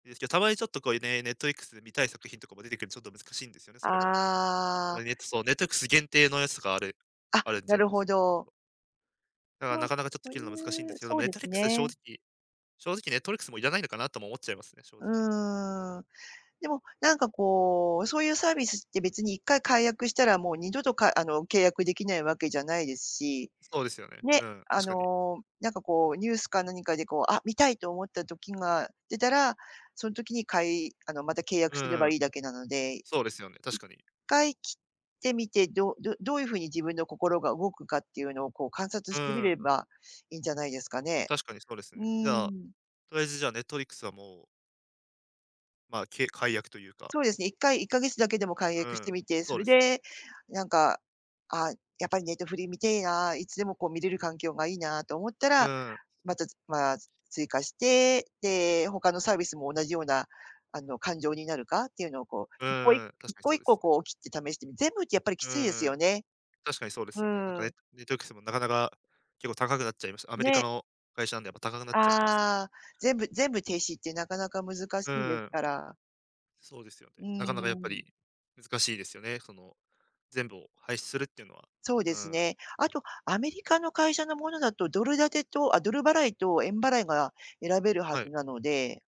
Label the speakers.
Speaker 1: ですけど、たまにちょっと、こういうね、ネットフリックスで見たい作品とかも出て来るちょっと難しいんですよね、それも。た
Speaker 2: あ
Speaker 1: まにネッ
Speaker 2: あ。
Speaker 1: トそう、ネットフリックス限定のやつとかある
Speaker 2: あ、
Speaker 1: あるんじ
Speaker 2: な
Speaker 1: ゃ
Speaker 2: るほど。
Speaker 1: だ
Speaker 2: ち
Speaker 1: か、
Speaker 2: わん
Speaker 1: なかなかちょっと
Speaker 2: そゆ
Speaker 1: 切るの難しいんで
Speaker 2: う
Speaker 1: すけど、
Speaker 2: そう
Speaker 1: ネッ
Speaker 2: で
Speaker 1: トフ
Speaker 2: す
Speaker 1: リックス正
Speaker 2: ね。
Speaker 1: 直正直ネットフリックス、も、要らないのかなとも思っちゃいますね、正
Speaker 2: う
Speaker 1: 直。
Speaker 2: ーん、でも、なんか、こう、そうゆうサービスって別に、1回解約したらもう二度とかあの、契約出来ない訳じゃないですし。
Speaker 1: そうですよね。う
Speaker 2: ね、
Speaker 1: ん、
Speaker 2: あ
Speaker 1: 確かに。
Speaker 2: の、なんか、こう、ニュースか何かで、こう、あ、見たいと思った時が出たら、そん時にかいあの、また契約
Speaker 1: う
Speaker 2: すれ
Speaker 1: んう
Speaker 2: ば
Speaker 1: ん。
Speaker 2: いいだけなので、い
Speaker 1: そうですよね、確
Speaker 2: っ
Speaker 1: かに。
Speaker 2: かい切ってみて、どうどうどういう風に自分の心が動くかっていうのを、こう、観察
Speaker 1: う
Speaker 2: してみ
Speaker 1: ー
Speaker 2: れ
Speaker 1: ん。
Speaker 2: ばいんじゃないですかね。
Speaker 1: 確かにそうです
Speaker 2: う
Speaker 1: ね。じ
Speaker 2: ー
Speaker 1: ゃあ、
Speaker 2: ん。
Speaker 1: とりあえず、じゃあ、ネットフリックスはもうま、け解約というか。
Speaker 2: そうですね、1回、1か月だけでも解
Speaker 1: う
Speaker 2: 約し
Speaker 1: ー
Speaker 2: て
Speaker 1: ん、
Speaker 2: みて、そ
Speaker 1: そう
Speaker 2: れ
Speaker 1: ですね。
Speaker 2: で、なんか、「あ、やっぱりネトフリ見てえな、いつでも、こう、見れる環境がいいな」と思った
Speaker 1: う
Speaker 2: ら、
Speaker 1: ーん。
Speaker 2: また、つまあ、追加して、で、他のサービスも同じような、あの、感情になるかっていうのを、こう、
Speaker 1: う
Speaker 2: 一個い
Speaker 1: んうん、確
Speaker 2: 一
Speaker 1: かに
Speaker 2: 個
Speaker 1: そう
Speaker 2: 一
Speaker 1: で
Speaker 2: 個、
Speaker 1: すね。
Speaker 2: こう、切って試してみ全部ってやっぱりき
Speaker 1: う
Speaker 2: ついです
Speaker 1: んうん、
Speaker 2: よね。
Speaker 1: 確かにそうで
Speaker 2: ふ
Speaker 1: すよね。なんか、
Speaker 2: ー
Speaker 1: ね
Speaker 2: ん。
Speaker 1: ネットフリックスもなかなか結構高くなっちゃいました。アメリカ
Speaker 2: ね。
Speaker 1: の会社なんで、やっぱ高くなっちゃってます。
Speaker 2: ああ、全部全部停止って、なかなか難し
Speaker 1: う
Speaker 2: いです
Speaker 1: ーん。
Speaker 2: から。
Speaker 1: そうですよ
Speaker 2: うー
Speaker 1: ね。なかなかやっぱ
Speaker 2: ん。
Speaker 1: り難しいですよね、その、全部を廃止するっていうのは。
Speaker 2: そう
Speaker 1: う
Speaker 2: で
Speaker 1: ー
Speaker 2: す
Speaker 1: ん。
Speaker 2: ね。あと、アメリカの会社のものだと、ドル建てと、あ、ドル払いと円払いが選べるは
Speaker 1: は
Speaker 2: ず
Speaker 1: い。
Speaker 2: なので